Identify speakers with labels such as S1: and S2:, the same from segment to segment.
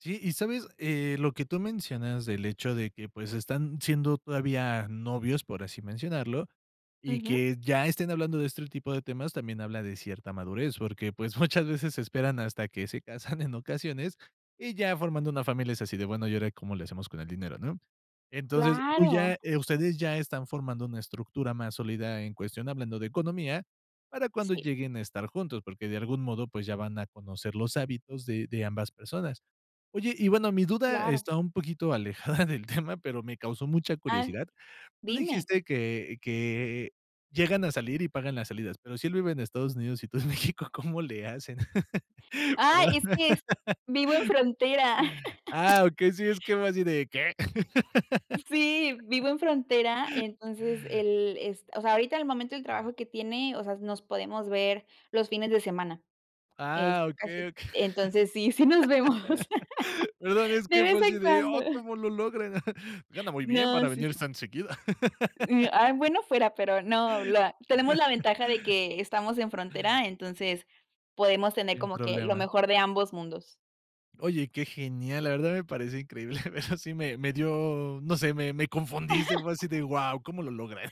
S1: Sí, ¿y sabes? Eh, lo que tú mencionas del hecho de que, pues, están siendo todavía novios, por así mencionarlo, y
S2: Ujú.
S1: que ya estén hablando de este tipo de temas, también habla de cierta madurez, porque, pues, muchas veces se esperan hasta que se casan en ocasiones, y ya formando una familia es así de, bueno, ¿y ahora cómo le hacemos con el dinero?, ¿no?, Entonces, tú ya
S2: Claro.
S1: ustedes, ya están formando una estructura más sólida en cuestión, hablando de economía, para cuando
S2: Sí.
S1: lleguen a estar juntos, porque de algún modo, pues ya van a conocer los hábitos de de ambas personas. Oye, y bueno, mi duda
S2: Claro.
S1: está un poquito alejada del tema, pero me causó mucha
S2: Ah,
S1: curiosidad, tú
S2: dime.
S1: dijiste que que llegan a salir y pagan las salidas, pero si él vive en Estados Unidos y tú en México, ¿cómo le hacen?
S2: Ay,
S1: ¿Verdad?
S2: es que vivo en frontera.
S1: Ah, okey, sí, es que va así de, ¿qué?
S2: Sí, vivo en frontera, entonces el es o sea, ahorita al momento del trabajo que tiene, o sea, nos podemos ver los fines de semana, es
S1: Ah,
S2: casi,
S1: okey, okey,
S2: entonces sí sí nos vemos,
S1: perdón, es
S2: de
S1: que
S2: vez
S1: fue
S2: en
S1: así de,
S2: cuando.
S1: oh, ¿cómo lo logran? Gana muy bien
S2: No,
S1: para
S2: sí, sí.
S1: venirse tan seguido.
S2: Bueno fuera, pero no, la tenemos la ventaja de que estamos en frontera, entonces podemos tener
S1: Sin
S2: como que lo
S1: problema.
S2: mejor de ambos mundos.
S1: Oye, que genial, la verdad me parece increíble, de verdad sí me me dio, no sé, me me confundiste, fue así de, guau, ¿cómo lo logran?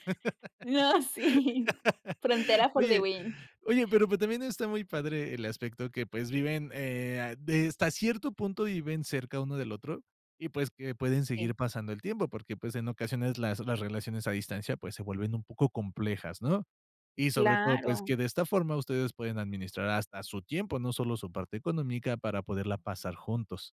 S2: No, sí, frontera for the
S1: Oye
S2: win.
S1: oye, pero pues también está muy padre el aspecto que, pues, viven, eh, de hasta cierto punto viven, cerca uno del otro, y pues, que pueden
S2: Sí.
S1: seguir pasando el tiempo, porque, pues, en ocasiones las las relaciones a distancia, pues, se vuelven un poco complejas, ¿no?, y sobre todo, pues,
S2: Claro.
S1: que de esta forma ustedes pueden administrar hasta su tiempo, no solo su parte económica, para poderla pasar juntos.